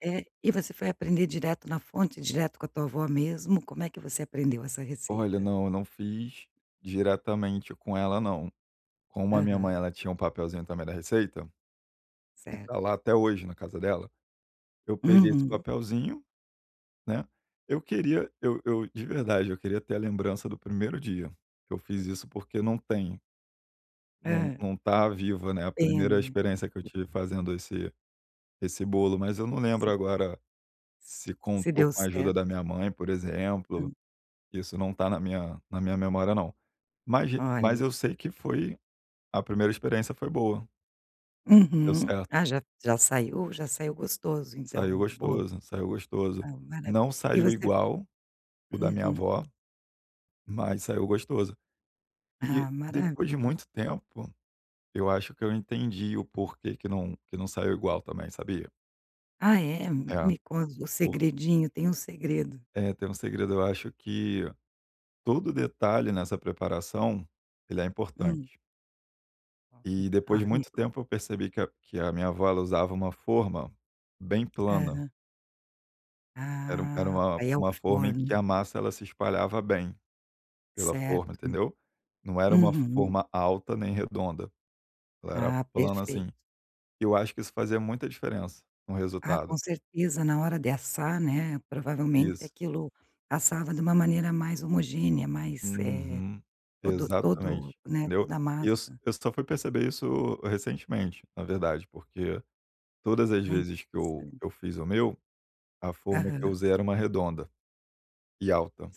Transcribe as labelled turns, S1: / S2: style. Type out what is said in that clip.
S1: Eh, e você foi aprender direto na fonte, direto com a tua vó mesmo, como é que você aprendeu essa
S2: Olha,
S1: receita?
S2: não, eu não fiz diretamente com ela não. Como a minha
S1: Aham.
S2: mãe ela tinha um papelzinho também da receita, e está
S1: Certo.
S2: lá até hoje na casa dela, eu peguei esse
S1: Uhum.
S2: papelzinho, né, eu queria, eu eu, de verdade, eu queria ter a lembrança do primeiro dia. Eu fiz isso, porque não tenho. Não
S1: Hã.
S2: não está viva, né, a primeira
S1: Pena.
S2: experiência que eu tive fazendo esse esse bolo, mas eu não
S1: E se
S2: lembro
S1: vo
S2: agora
S1: se
S2: se
S1: se
S2: contou
S1: deu
S2: com a ajuda
S1: certo.
S2: da minha mãe, por exemplo,
S1: Hã.
S2: isso não está na minha na minha memória não. Mas g
S1: Olha.
S2: mas eu sei que foi, a primeira experiência foi boa. Deu
S1: Uhum.
S2: certo.
S1: Ah, já já saiu já saiu gostoso, então,
S2: Saiu
S1: o bolo.
S2: gostoso, saiu gostoso.
S1: Ah, mara
S2: Não
S1: e
S2: saiu
S1: você.
S2: igual o da minha
S1: Uhum.
S2: avó, mas saiu gostoso.
S1: Ah,
S2: E depois de
S1: maravi
S2: muito tempo eu acho que eu entendi o porquê que não que não saiu igual também, sabia?
S1: Ah, é?
S2: É,
S1: Me conta o
S2: por
S1: segredinho. Tem um segredo.
S2: É, tem um segredo, eu acho que todo detalhe nessa preparação, ele é
S1: Hum.
S2: importante.
S1: Oh, hum,
S2: E depois
S1: ah,
S2: de
S1: me
S2: muito
S1: conta.
S2: tempo eu percebi que a que a minha avó, ela usava uma forma bem plana.
S1: Aham.
S2: Era um era
S1: Ah,
S2: uma
S1: é o
S2: uma forma em que
S1: forno.
S2: a massa ela se espalhava bem pela forma,
S1: Certo.
S2: entendeu? Não era uma
S1: Uhum.
S2: forma alta nem redonda, ela era
S1: Ah,
S2: plana, assim,
S1: perfeito.
S2: e eu acho que isso fazia muita diferença no
S1: Ah,
S2: resultado.
S1: com certeza, na hora de assar, né, provavelmente
S2: Isso.
S1: aquilo passava de uma maneira mais homogênea, mais, eh
S2: Uhum,
S1: todo
S2: exatamente,
S1: todo, né,
S2: entendeu?
S1: toda a
S2: Eu s
S1: massa.
S2: eu só fui perceber isso recentemente, na verdade, porque todas as
S1: Ah,
S2: vezes que eu
S1: interessante.
S2: eu fiz o meu, a forma que eu
S1: Aham.
S2: usei era uma redonda e alta.